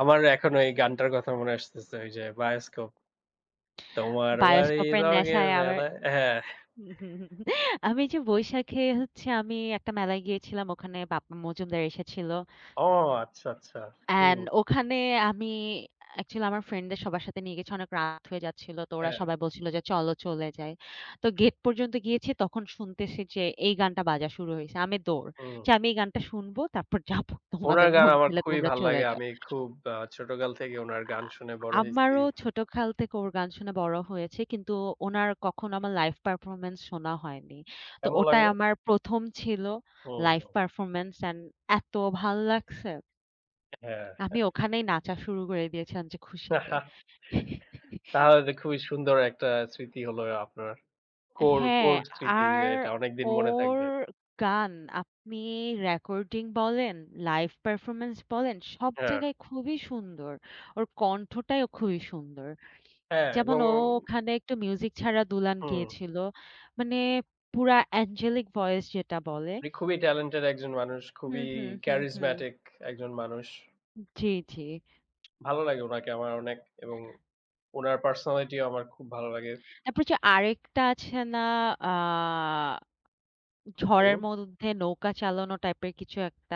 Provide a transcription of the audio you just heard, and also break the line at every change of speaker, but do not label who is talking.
আমার এখনো এই গানটার কথা মনে আসতেছে ঐ যে 'বায়োস্কোপ।' তোমার বাড়ি
'বায়োস্কোপের
রঙের
নেশায় আমায়'
মেলায় হ্যাঁ।
আমি যে বৈশাখে হচ্ছে আমি একটা মেলায় গিয়েছিলাম, ওখানে বাপ্পা মজুমদার এসেছিল।
ও আচ্ছা, আচ্ছা। হুম।
অ্যান্ড ওখানে আমি অ্যাকচুয়ালি আমার ফ্রেন্ডদের সবার সাথে নিয়ে গেছি অনেক রাত হয়ে যাচ্ছিল তো ওরা
হ্যাঁ।
সবাই বলছিল যে, "চল, চলে যাই।" তো গেট পর্যন্ত গিয়েছি তখন শুনতেছি যে এই গানটা বাজা শুরু হইছে, আমি দৌড়।
হুম।
যে, "আমি এই গানটা শুনবো তারপর যাব,
উনার
তোমাদের
গান
মন
আমার
চাইলে
খুবই
তোমরা
ভাল
চলে
লাগে,
যাও।"
আমি খুব আ ছোটকাল থেকে উনার
আ
গান
আ
শুনে বড় হইছি।
আমারও ছোটকাল থেকে ওর গান শুনে বড় হয়েছি, কিন্তু ওনার কখনো আমার লাইভ পারফরম্যান্স শোনা হয়নি। তো
কেমন
ওটাই
লাগলো?
আমার ১ম ছিল
হু,
লাইভ
হু।
পারফরম্যান্স অ্যান্ড এতো ভাল লাগছে
হ্যাঁ,
আমি
হ্যাঁ।
ওখানেই নাচা শুরু করে দিয়েছিলাম যে খুশিতে।
তাহলে তো খুবই সুন্দর একটা স্মৃতি হলো আপনার। কোর,
হ্যাঁ,
কোর স্মৃতি
আর
যেইটা অনেকদিন মনে
ওর
থাকবে।
গান আপনি রেকর্ডিং বলেন, লাইভ পারফরম্যান্স বলেন সব
হ্যাঁ।
জায়গায় খুবই সুন্দর, ওর কণ্ঠটাই অ খুবই সুন্দর।
হ্যাঁ,
যেমন
এবং
ও ওখানে একটু মিউজিক ছাড়া দুলাইন
হুম।
গিয়েছিল, মানে পুরা অ্যাঞ্জেলিক ভয়েস যেটা বলে।
উনি খুবই টেলেন্টেড একজন মানুষ,
হুম,
খুবই
হুম, হুম, হুম।
ক্যারিসম্যাটিক একজন মানুষ।
জ্বি, জ্বি।
ভালো লাগে ওনাকে আমার অনেক এবং উনার পার্সোনালিটিও আমার খুব ভালো লাগে।
এরপর হচ্ছে আরেকটা আছে না আ ঝড়ের
হুম।
মধ্যে নৌকা চালানো টাইপের কিছু একটা।